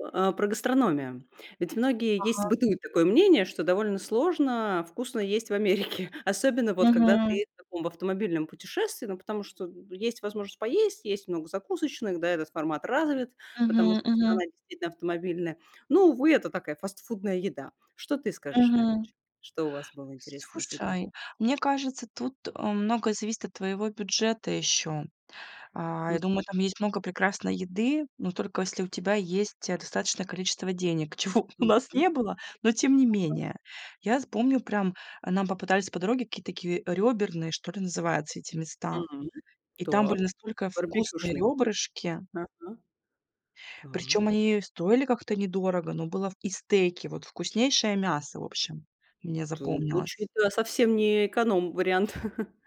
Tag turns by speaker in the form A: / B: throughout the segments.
A: А, про гастрономию. Ведь многие, есть
B: Ага.
A: бытует такое мнение, что довольно сложно вкусно есть в Америке, особенно вот когда
B: Мгм.
A: ты в таком автомобильном путешествии. Ну, потому что есть возможность поесть, есть много закусочных, да, этот формат развит, потому
B: Мгм
A: что
B: мгм.
A: страна действительно автомобильная, но, увы, это такая фастфудная еда. Что ты скажешь на этот
B: Мгм.
A: счет? Что у вас было интересного из еды?
B: Слушай, мне кажется, тут, э, многое зависит от твоего бюджета ещё. А, я
A: Мгм.
B: думаю, там есть много прекрасной еды, но только если у тебя есть, э, достаточное количество денег, чего у нас
A: Мгм.
B: не было, но тем не
A: Ага.
B: менее. Я з помню, прям нам попадались по дороге какие-то такие рёберные, что ли называются эти места,
A: М.
B: и там
A: Так.
B: были настолько вкусные
A: Барбекюшный,
B: рёбрышки.
A: ага.
B: Причём
A: Так.
B: они стоили как-то недорого, но было в и стейки, вот вкуснейшее мясо, в общем, мне
A: Ту
B: запомнилось.
A: учит это совсем не эконом-вариант.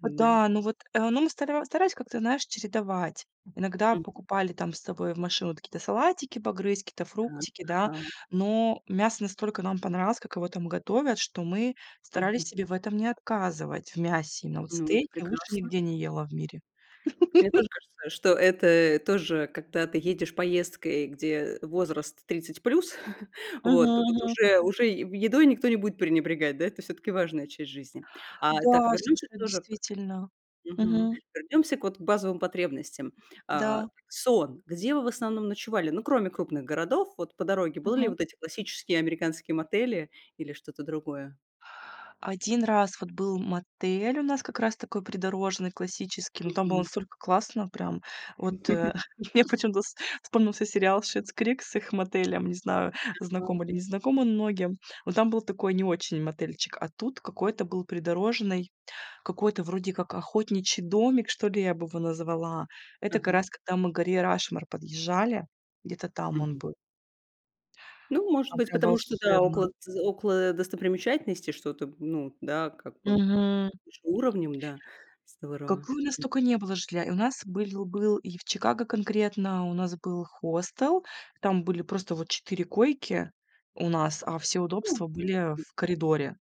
A: Да.
B: Да, ну вот, э, ну, мы стара старались как-то, знаешь, чередовать. Иногда
A: Мгм.
B: покупали там с собой в машину вот какие-то салатики, погрызть какие-то
A: Так,
B: фруктики, да,
A: ага.
B: но мясо настолько нам понравилось, как его там готовят, что мы старались
A: Мгм.
B: себе в этом не отказывать, в мясе. Но вот
A: Ну, это
B: стейки лучше
A: прекрасно.
B: нигде не ела в мире.
A: Мне тоже кажется, что это тоже когда ты едешь поездкой, где возраст 30 плюс,
B: Мгм
A: вот вот
B: мгм.
A: уже уже едой никто не будет пренебрегать. Да, это всё-таки важная часть жизни, а. Так,
B: Да,
A: вернёмся
B: слушай,
A: тоже к
B: действительно.
A: мгм,
B: Мгм.
A: вернемся вот к базовым потребностям. А,
B: Да.
A: сон. Где вы в основном ночевали? Ну, кроме крупных городов вот по дороге, были ли
B: Мгм.
A: вот эти классические американские мотели или что-то другое?
B: 1 раз вот был мотель у нас как раз такой придорожный классический, но там было
A: Мгм.
B: настолько классно прям. Вот, э, мне почему-то вспомнился сериал Schitt's Creek с их мотелем, не знаю,
A: Ага.
B: знакомы или не знакомы многим, но там был такой не очень мотельчик, а тут какой-то был придорожный, какой-то вроде как охотничий домик, что ли, я бы его назвала. Это как
A: Ага.
B: раз когда мы к горе Рашмор подъезжали, где-то там он
A: Мгм.
B: был.
A: Ну, может
B: Там
A: быть,
B: прям
A: потому что, да,
B: волшебно.
A: около тз около достопримечательностей что-то, ну да, как бы
B: Мгм.
A: выше уровнем, да, здорово,
B: Какой у нас
A: м.
B: только не было жилья, у нас были был и в Чикаго конкретно, у нас был хостел, там были просто вот 4 койки у нас, а все
A: Ну,
B: удобства были
A: м.
B: в коридоре.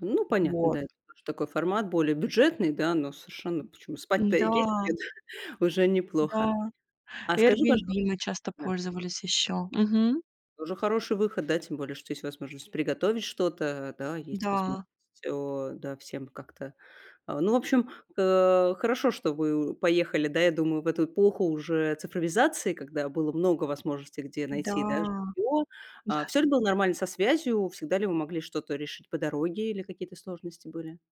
A: Ну понятно,
B: Вот.
A: да, это такой формат более бюджетный, да, но совершенно почему спать-то
B: М-да.
A: есть где- уже неплохо.
B: Да.
A: А скажи, пожалу
B: Airbnb мы часто
A: да.
B: пользовались ещё. Мгм.
A: Тоже хороший выход, да тем более, что есть возможность приготовить что-то, да есть возможность
B: Да.
A: всё, да всем как-то а. Ну, в общем, э, хорошо, что вы поехали, да я думаю, в эту эпоху уже цифровизации, когда было много возможностей, где
B: Да
A: найти, да, жильё. А
B: да.
A: всё ли было нормально со связью? Всегда ли вы могли что-то решить по дороге или какие-то сложности были?